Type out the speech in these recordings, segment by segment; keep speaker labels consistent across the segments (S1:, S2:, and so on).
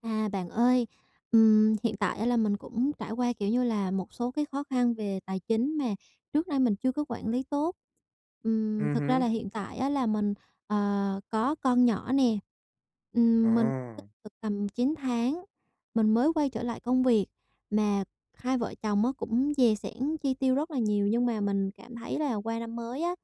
S1: À bạn ơi, ừm, hiện tại á là mình cũng trải qua, kiểu như là, một số cái khó khăn về tài chính mà trước nay mình chưa có quản lý tốt. Ừm,
S2: Ừm
S1: thực ra
S2: hứm.
S1: là hiện tại á là mình, ờ, có con nhỏ nè. Ừm, mình
S2: Ồ.
S1: được tầm 9 tháng mình mới quay trở lại công việc. Mà hai vợ chồng á cũng dè xẻn chi tiêu rất là nhiều, nhưng mà mình cảm thấy là qua năm mới á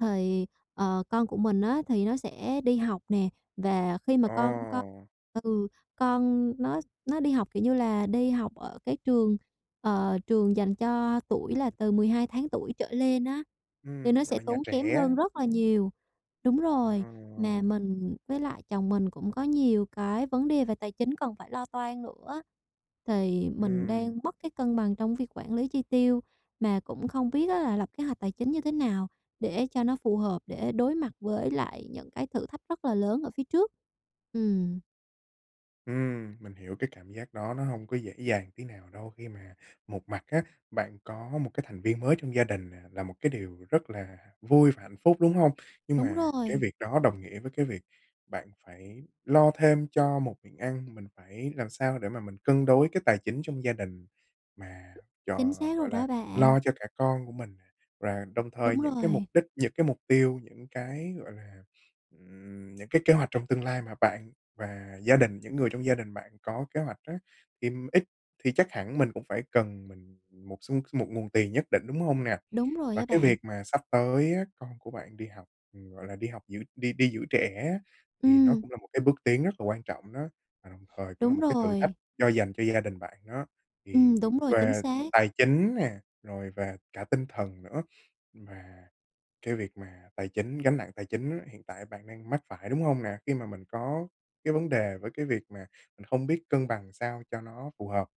S1: thì, ờ, con của mình á thì nó sẽ đi học nè. Và khi mà con con
S2: Ồ.
S1: ừ, con nó nó đi học, kiểu như là, đi học ở cái trường, ờ, trường dành cho tuổi là từ 12 tháng tuổi trở lên á, thì
S2: Ừm,
S1: nó
S2: gọi
S1: sẽ
S2: là nhà
S1: tốn kém
S2: trẻ.
S1: hơn rất là nhiều đúng rồi, mà
S2: Ồ.
S1: mình với lại chồng mình cũng có nhiều cái vấn đề về tài chính cần phải lo toan nữa á. Thì mình
S2: Ừm.
S1: đang mất cái cân bằng trong việc quản lý chi tiêu, mà cũng không biết á là lập kế hoạch tài chính như thế nào để cho nó phù hợp để đối mặt với lại những cái thử thách rất là lớn ở phía trước? Ừm.
S2: Ừm, mình hiểu cái cảm giác đó nó hông có dễ dàng tí nào đâu khi mà một mặt á, bạn có một cái thành viên mới trong gia đình nè là một cái điều rất là vui và hạnh phúc, đúng hông? Nhưng
S1: Đúng
S2: mà cái
S1: rồi.
S2: việc đó đồng nghĩa với cái việc bạn phải lo thêm cho một miệng ăn, mình phải làm sao để mà mình cân đối cái tài chính trong gia đình mà cho,
S1: Chính xác rồi
S2: gọi là,
S1: đó bạn.
S2: lo cho cả con của mình. Và đồng thời
S1: Đúng
S2: những cái mục
S1: rồi.
S2: đích, những cái mục tiêu, những cái, gọi là, ừm, những cái kế hoạch trong tương lai mà bạn và gia đình, những người trong gia đình bạn có kế hoạch á, thì ít thì chắc hẳn mình cũng phải cần mình một số một nguồn tiền nhất định, đúng hông nè?
S1: Đúng rồi
S2: Và
S1: á
S2: cái
S1: bạn.
S2: việc mà sắp tới á con của bạn đi học, gọi là, đi học giữ đi đi giữ trẻ á, thì nó
S1: Ừm.
S2: cũng là một cái bước tiến rất là quan trọng đó, và đồng thời cũng là
S1: Đúng
S2: một cái thử thách
S1: rồi.
S2: cho dành cho gia đình bạn đó,
S1: Ừm,
S2: thì v
S1: đúng rồi, chính
S2: về
S1: xác.
S2: tài chính nè, rồi về cả tinh thần nữa. Và cái việc mà tài chính gánh nặng tài chính hiện tại bạn đang mắc phải, đúng hông nè? Khi mà mình có cái vấn đề với cái việc mà mình không biết cân bằng làm sao cho nó phù hợp.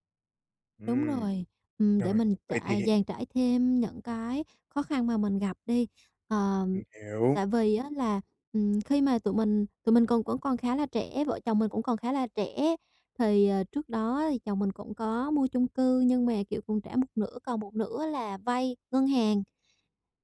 S1: Đúng
S2: Ừm,
S1: rồi, ừm, để
S2: rồi,
S1: mình
S2: vậy thì
S1: trả dàn trải thêm những cái khó khăn mà mình gặp đi. Ờ,
S2: Mình hiểu.
S1: tại vì á là, ừm, khi mà tụi mình tụi mình còn vẫn còn khá là trẻ, vợ chồng mình cũng còn khá là trẻ, thì, ờ, trước đó thì chồng mình cũng có mua chung cư nhưng mà, kiểu, còn trả một nửa, còn một nửa là vay ngân hàng.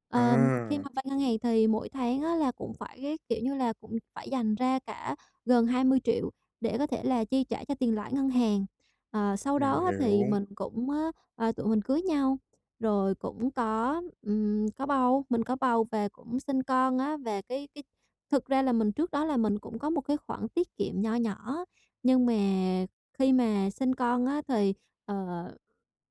S1: Ờm, khi
S2: À.
S1: mà vay ngân hàng thì mỗi tháng á là cũng phải, cái kiểu như là, cũng phải dành ra cả gần 20.000.000 để có thể là chi trả cho tiền lãi ngân hàng. Ờ, sau
S2: Mình
S1: đó á
S2: hiểu.
S1: thì mình cũng, ờ, tụi mình cưới nhau rồi cũng có, ừm, có bầu, mình có bầu và cũng sinh con á. Và cái cái thực ra là mình trước đó là mình cũng có một cái khoản tiết kiệm nho nhỏ, nhưng mà khi mà sinh con á thì, ờ,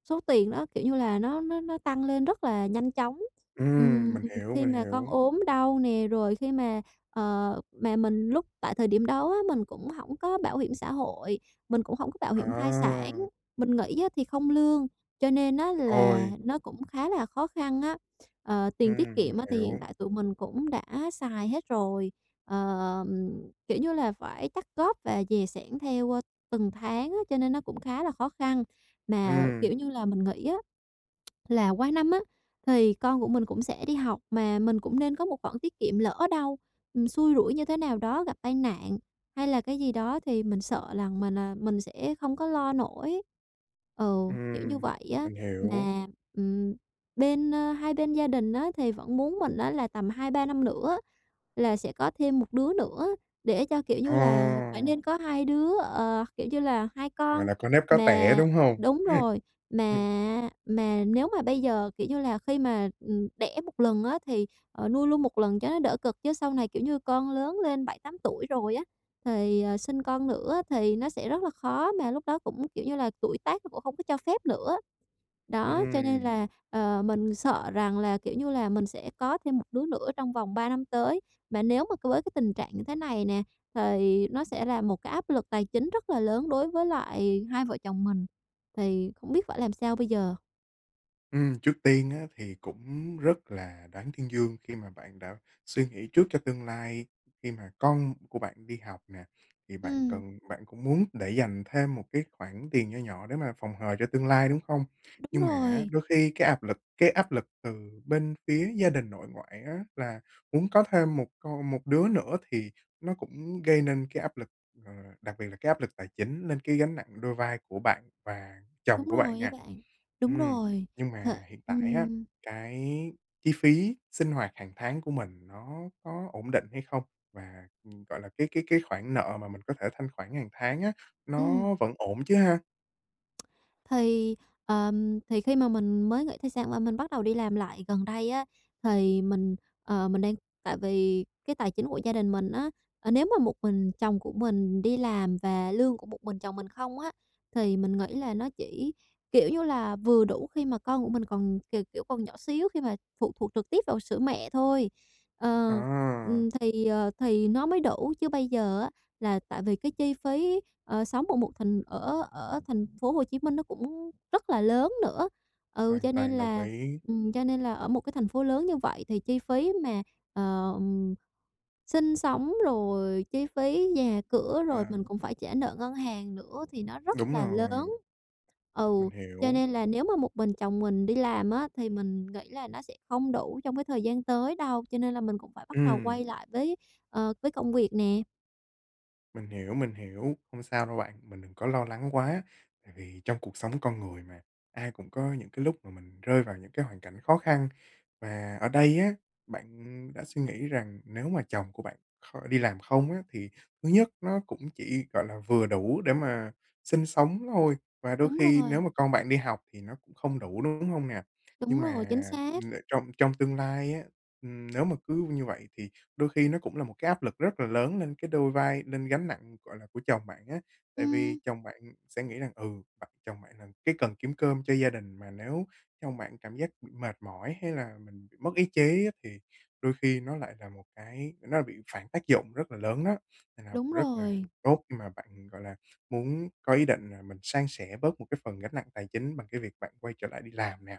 S1: số tiền nó, kiểu như là, nó nó nó tăng lên rất là nhanh chóng.
S2: Ừm,
S1: Ừm,
S2: mình hiểu,
S1: khi
S2: mình
S1: mà con
S2: hiểu.
S1: ốm đau nè, rồi khi mà, ờ, mà mình lúc tại thời điểm đó á mình cũng hổng có bảo hiểm xã hội, mình cũng hổng có bảo
S2: Ờ.
S1: hiểm thai sản, mình nghỉ á thì không lương, cho nên á là
S2: Ôi!
S1: nó cũng khá là khó khăn á. Ờ, tiền tiết
S2: Ừm, mình
S1: kiệm á thì hiện
S2: hiểu.
S1: tại tụi mình cũng đã xài hết rồi, ờm, kiểu như là, phải chắt góp và dè sẻn theo, ơ, từng tháng á, cho nên nó cũng khá là khó khăn. Mà
S2: Ừm.
S1: kiểu như là, mình nghĩ á là qua năm á thì con của mình cũng sẽ đi học, mà mình cũng nên có một khoản tiết kiệm, lỡ đâu mình xui rủi như thế nào đó, gặp tai nạn hay là cái gì đó thì mình sợ rằng mình, à, mình sẽ không có lo nổi. Ừ, kiểu như
S2: Ừm,
S1: vậy á.
S2: mình hiểu.
S1: Mà, ừm, bên ơ, hai bên gia đình á thì vẫn muốn mình á là tầm 2-3 năm nữa là sẽ có thêm một đứa nữa để cho, kiểu như là, phải
S2: Ồ!
S1: nên có hai đứa, ờ, kiểu như là 2
S2: Gọi
S1: con.
S2: là có nếp có tẻ,
S1: Mà
S2: đúng hông?
S1: đúng rồi, mà mà nếu mà bây giờ, kiểu như là, khi mà, ừm, đẻ 1 lần á thì, ờ, nuôi luôn 1 lần cho nó đỡ cực, chứ sau này, kiểu như, con lớn lên 7-8 tuổi rồi á thì, ờ, sinh con nữa á thì nó sẽ rất là khó, mà lúc đó cũng, kiểu như là, tuổi tác nó cũng hổng có cho phép nữa. Đó, cho nên
S2: Ừm.
S1: là, ờ, mình sợ rằng là, kiểu như là, mình sẽ có thêm một đứa nữa trong vòng 3 năm tới, mà nếu mà c với cái tình trạng như thế này nè, thì nó sẽ là một cái áp lực tài chính rất là lớn đối với lại hai vợ chồng mình. Thì không biết phải làm sao bây giờ?
S2: Ừm, trước tiên á thì cũng rất là đáng tuyên dương khi mà bạn đã suy nghĩ trước cho tương lai. Khi mà con của bạn đi học nè, thì bạn
S1: Ừm.
S2: cần bạn cũng muốn để dành thêm một cái khoản tiền nho nhỏ để mà phòng hờ cho tương lai, đúng không?
S1: Đúng
S2: Nhưng mà á
S1: rồi.
S2: đôi khi cái áp lực cái áp lực từ bên phía gia đình nội ngoại á là muốn có thêm 1 con một đứa nữa thì nó cũng gây nên cái áp lực, ờ, đặc biệt là cái áp lực tài chính nên cái gánh nặng đôi vai của bạn và
S1: Đúng
S2: chồng của bạn
S1: rồi á
S2: nè.
S1: bạn. Đúng
S2: Ừm,
S1: rồi,
S2: nhưng
S1: th
S2: mà hiện tại á,
S1: ừm.
S2: cái chi phí sinh hoạt hàng tháng của mình nó có ổn định hay không? Và, gọi là, cái cái cái khoản nợ mà mình có thể thanh khoản hàng tháng á,
S1: Ừm.
S2: nó vẫn ổn chứ ha?
S1: Thì, ờm, thì khi mà mình mới nghỉ thai sản và mình bắt đầu đi làm lại gần đây á, thì mình, ờ, mình đang tại vì cái tài chính của gia đình mình á, ờ, nếu mà một mình chồng của mình đi làm và lương của một mình chồng mình không á, thì mình nghĩ là nó chỉ, kiểu như là, vừa đủ khi mà con của mình còn, k kiểu, còn nhỏ xíu khi mà phụ thuộc trực tiếp vào sữa mẹ thôi. Ờ,
S2: Ờ.
S1: ừm, thì, ờ, thì nó mới đủ. Chứ bây giờ á, là tại vì cái chi phí, ờ, sống ở một thành ở ở thành phố Hồ Chí Minh nó cũng rất là lớn nữa, ừ,
S2: Hoàn
S1: cho nên
S2: toàn đồng
S1: là
S2: ý.
S1: ừm, cho nên là ở một cái thành phố lớn như vậy thì chi phí mà, ờ, sinh sống, rồi chi phí nhà cửa, rồi
S2: À.
S1: mình cũng phải trả nợ ngân hàng nữa thì nó rất
S2: Đúng
S1: là lớn.
S2: rồi.
S1: Ừ,
S2: Mình hiểu.
S1: cho nên là nếu mà một mình chồng mình đi làm á, thì mình nghĩ là nó sẽ không đủ trong cái thời gian tới đâu, cho nên là mình cũng phải bắt đầu
S2: Ừm.
S1: quay lại với, ờ, với công việc nè.
S2: Mình hiểu, mình hiểu. Không sao đâu bạn, mình đừng có lo lắng quá, tại vì trong cuộc sống con người mà, ai cũng có những cái lúc mà mình rơi vào những cái hoàn cảnh khó khăn. Và ở đây á, bạn đã suy nghĩ rằng nếu mà chồng của bạn kho đi làm không á thì thứ nhất nó cũng chỉ gọi là vừa đủ để mà sinh sống thôi, và đôi
S1: Đúng
S2: khi nếu
S1: rồi.
S2: mà con bạn đi học thì nó cũng không đủ, đúng hông nè?
S1: Đúng
S2: Nhưng mà
S1: rồi, chính xác.
S2: n trong trong tương lai á, ừm, nếu mà cứ như vậy thì đôi khi nó cũng là một cái áp lực rất là lớn lên cái đôi vai, nên gánh nặng, gọi là, của chồng bạn á, tại
S1: Ừm.
S2: vì chồng bạn sẽ nghĩ rằng ừ, bạ chồng bạn là cái cần kiếm cơm cho gia đình, mà nếu chồng bạn cảm giác bị mệt mỏi hay là mình bị mất ý chí á thì đôi khi nó lại là một cái nó lại bị phản tác dụng rất là lớn đó. Nên là
S1: Đúng
S2: rất là
S1: rồi.
S2: tốt khi mà bạn, gọi là, muốn có ý định là mình san sẻ bớt một cái phần gánh nặng tài chính bằng cái việc bạn quay trở lại đi làm nè.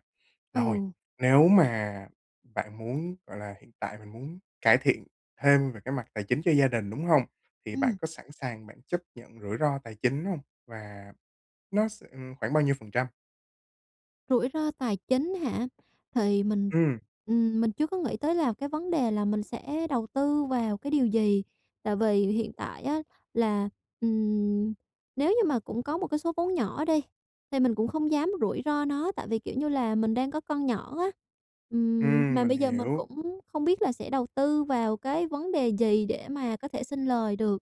S2: Rồi,
S1: Ừ.
S2: nếu mà bạn muốn, gọi là, hiện tại mình muốn cải thiện thêm về cái mặt tài chính cho gia đình, đúng hông, thì bạn
S1: Ừm.
S2: có sẵn sàng bạn chấp nhận rủi ro tài chính hông? Và nó s ừm, khoảng bao nhiêu phần trăm?
S1: Rủi ro tài chính hả? Thì mình,
S2: Ừm!
S1: ừm, mình chưa có nghĩ tới là cái vấn đề là mình sẽ đầu tư vào cái điều gì. Tại vì hiện tại á là, ừm, nếu như mà cũng có một cái số vốn nhỏ đi, thì mình cũng không dám rủi ro nó, tại vì, kiểu như là, mình đang có con nhỏ á. Ừm,
S2: Ừm,
S1: mà
S2: mình
S1: bây giờ mình
S2: hiểu.
S1: cũng không biết là sẽ đầu tư vào cái vấn đề gì để mà có thể sinh lời được.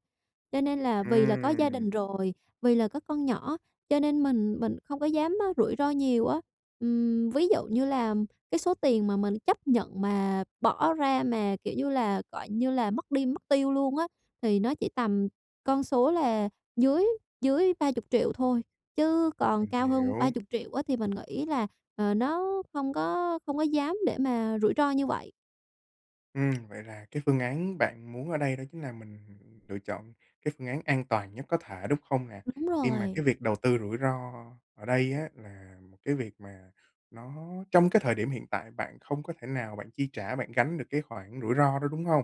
S1: Cho nên là vì là có gia
S2: Ừm.
S1: đình rồi, vì là có con nhỏ, cho nên mình mình không có dám á rủi ro nhiều á. Ừm, ví dụ như là cái số tiền mà mình chấp nhận mà bỏ ra, mà kiểu như là, gọi như là, mất đi mất tiêu luôn á thì nó chỉ tầm con số là dưới dưới 30.000.000 thôi, chứ còn
S2: Mình
S1: cao hơn ba
S2: hiểu.
S1: chục triệu á thì mình nghĩ là, ờ, nó không có không có dám để mà rủi ro như vậy.
S2: Ừm, vậy là cái phương án bạn muốn ở đây đó chính là mình lựa chọn cái phương án an toàn nhất có thể, đúng không nè?
S1: Đúng
S2: Khi mà
S1: rồi.
S2: cái việc đầu tư rủi ro ở đây á là một cái việc mà nó trong cái thời điểm hiện tại bạn không có thể nào bạn chi trả, bạn gánh được cái khoản rủi ro đó, đúng hông?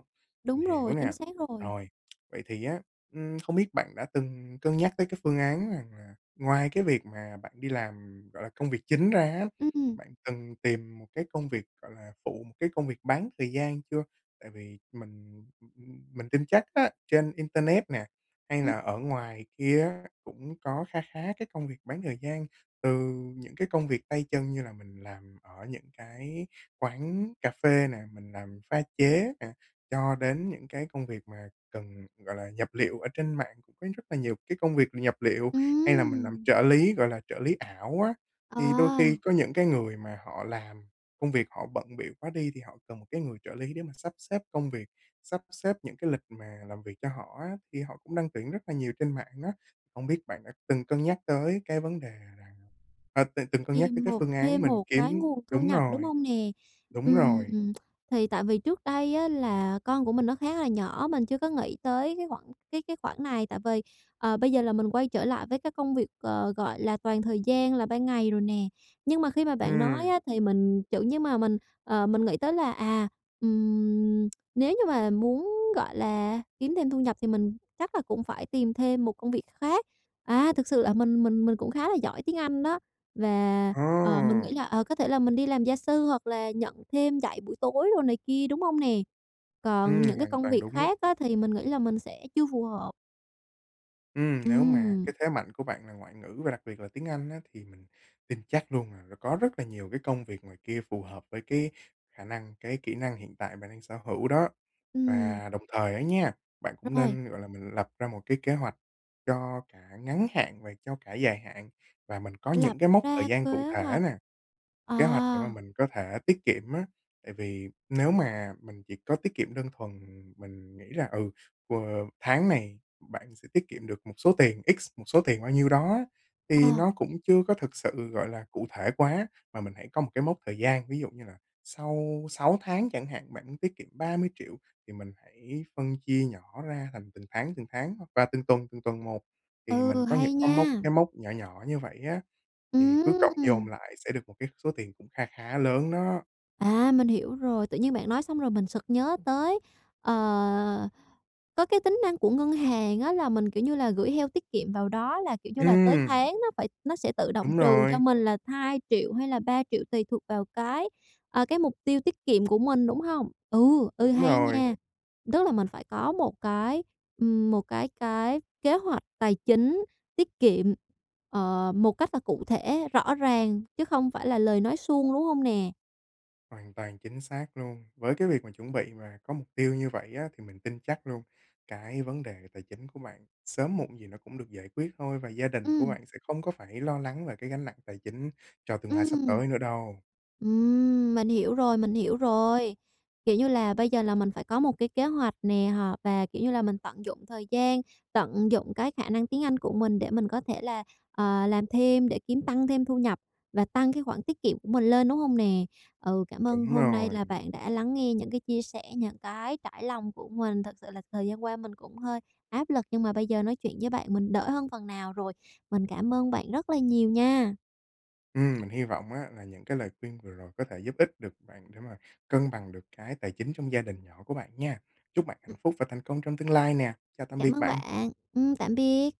S2: Mình
S1: Đúng
S2: hiểu
S1: rồi, chính
S2: nè.
S1: xác rồi.
S2: Rồi, vậy thì á, ưm, không biết bạn đã từng cân nhắc tới cái phương án rằng là ngoài cái việc mà bạn đi làm, ừm, gọi là, công việc chính ra á,
S1: Ừm.
S2: bạn cần tìm một cái công việc, gọi là, phụ, một cái công việc bán thời gian chưa? Tại vì mình m m mình tin chắc á trên internet nè hay
S1: Ừm.
S2: là ở ngoài kia á cũng có kha khá cái công việc bán thời gian, từ những cái công việc tay chân như là mình làm ở những cái quán cà phê nè, mình làm pha chế nè, cho đến những cái công việc mà cần, gọi là, nhập liệu, ở trên mạng cũng có rất là nhiều cái công việc nhập liệu, hay là mình làm
S1: Ừm!
S2: trợ lý, gọi là trợ lý ảo á. Thì đôi
S1: À.
S2: khi có những cái người mà họ làm, công việc họ bận bịu quá đi thì họ cần một cái người trợ lý để mà sắp xếp công việc, sắp xếp những cái lịch mà làm việc cho họ á thì họ cũng đăng tuyển rất là nhiều trên mạng á. Không biết bạn đã từng cân nhắc tới cái vấn đề rằng ờ, từng từng cân nhắc tới
S1: Tìm
S2: cái
S1: một
S2: phương án
S1: thêm
S2: mình
S1: một cái
S2: kiếm
S1: nguồn thu
S2: đúng
S1: nhập, đúng
S2: rồi.
S1: hông nè?
S2: Đúng
S1: Ừm,
S2: rồi.
S1: thì tại vì trước đây á là con của mình nó khá là nhỏ, mình chưa có nghĩ tới cái khoản cái cái khoản này. Tại vì, ờ, bây giờ là mình quay trở lại với cái công việc, ờ, gọi là toàn thời gian là ban ngày rồi nè, nhưng mà khi mà bạn nói
S2: Ừm.
S1: á thì mình, kiểu như mà mình, ờ, mình nghĩ tới là à, ừm, nếu như mà muốn, gọi là, kiếm thêm thu nhập thì mình chắc là cũng phải tìm thêm một công việc khác. À, thực sự là mình mình mình cũng khá là giỏi tiếng Anh đó và, ờ, mình nghĩ
S2: Ồ!
S1: là ờ, có thể là mình đi làm gia sư hoặc là nhận thêm dạy buổi tối đồ này kia, đúng hông nè?
S2: Ừm,
S1: Còn những cái
S2: hoàn
S1: công
S2: toàn
S1: việc
S2: đúng đó.
S1: khác á thì mình nghĩ là mình sẽ chưa phù hợp.
S2: Ừm, nếu mà
S1: Ừm.
S2: cái thế mạnh của bạn là ngoại ngữ, và đặc biệt là tiếng Anh á, thì mình tin chắc luôn là nó có rất là nhiều cái công việc ngoài kia phù hợp với cái khả năng, cái kỹ năng hiện tại bạn đang sở hữu đó.
S1: Ừm.
S2: Và đồng thời á nha, bạn cũng
S1: Rồi.
S2: nên, gọi là, mình lập ra một cái kế hoạch cho cả ngắn hạn và cho cả dài hạn, và mình có
S1: Lập
S2: những cái mốc thời
S1: ra
S2: gian cụ
S1: kế
S2: thể
S1: hoạch.
S2: nè,
S1: À.
S2: kế hoạch để mà mình có thể tiết kiệm á. Tại vì nếu mà mình chỉ có tiết kiệm đơn thuần, mình nghĩ là ừ, q tháng này bạn sẽ tiết kiệm được một số tiền X, một số tiền bao nhiêu đó á thì
S1: Ờ.
S2: nó cũng chưa có thực sự, gọi là, cụ thể quá, mà mình hãy có một cái mốc thời gian. Ví dụ như là sau 6 tháng chẳng hạn, bạn muốn tiết kiệm 30.000.000 thì mình hãy phân chia nhỏ ra thành từng tháng, từng tháng hoặc qua từng tuần, từng tuần một thì mình
S1: Ừ,
S2: có những
S1: hay
S2: có mốc
S1: nha!
S2: cái mốc nhỏ nhỏ như vậy á, thì cứ cộng dồn
S1: Ừm!
S2: lại sẽ được một cái số tiền cũng kha khá lớn đó!
S1: À, mình hiểu rồi. Tự nhiên bạn nói xong rồi mình sực nhớ tới, ờ, có cái tính năng của ngân hàng á là mình, kiểu như là, gửi heo tiết kiệm vào đó là, kiểu như là, tới
S2: Ừm!
S1: tháng nó phải nó sẽ tự động
S2: Đúng
S1: trừ cho
S2: rồi.
S1: mình là 2.000.000 hay là 3.000.000 tùy thuộc vào cái, à, cái mục tiêu tiết kiệm của mình, đúng hông? Ừ, ừ,
S2: Đúng
S1: hay
S2: rồi.
S1: nha. Tức là mình phải có một cái, ừm, một cái cái kế hoạch tài chính tiết kiệm, ờ, một cách là cụ thể, rõ ràng chứ không phải là lời nói suông, đúng hông nè?
S2: Hoàn toàn chính xác luôn. Với cái việc mà chuẩn bị mà có mục tiêu như vậy á, thì mình tin chắc luôn cái vấn đề tài chính của bạn sớm muộn gì nó cũng được giải quyết thôi, và gia đình của
S1: Ừm.
S2: bạn sẽ không có phải lo lắng về cái gánh nặng tài chính cho tương lai sắp
S1: Ừm.
S2: tới nữa đâu.
S1: Ừm, mình hiểu rồi, mình hiểu rồi. Kiểu như là, bây giờ là mình phải có một cái kế hoạch nè họ và kiểu như là, mình tận dụng thời gian, tận dụng cái khả năng tiếng Anh của mình để mình có thể là, ờ, làm thêm để kiếm tăng thêm thu nhập và tăng cái khoản tiết kiệm của mình lên, đúng hông nè? Ừ, cảm ơn
S2: Đúng
S1: hôm nay
S2: rồi.
S1: là bạn đã lắng nghe những cái chia sẻ, những cái trải lòng của mình. Thật sự là thời gian qua mình cũng hơi áp lực, nhưng mà bây giờ nói chuyện với bạn mình đỡ hơn phần nào rồi. Mình cảm ơn bạn rất là nhiều nha!
S2: Ừm, mình hy vọng á là những cái lời khuyên vừa rồi có thể giúp ích được bạn để mà cân bằng được cái tài chính trong gia đình nhỏ của bạn nha. Chúc bạn hạnh
S1: Ừm.
S2: phúc và thành công trong tương lai nè. Chào tạm
S1: Cảm
S2: biệt
S1: ơn
S2: bạn.
S1: bạn. Ừm, tạm biệt.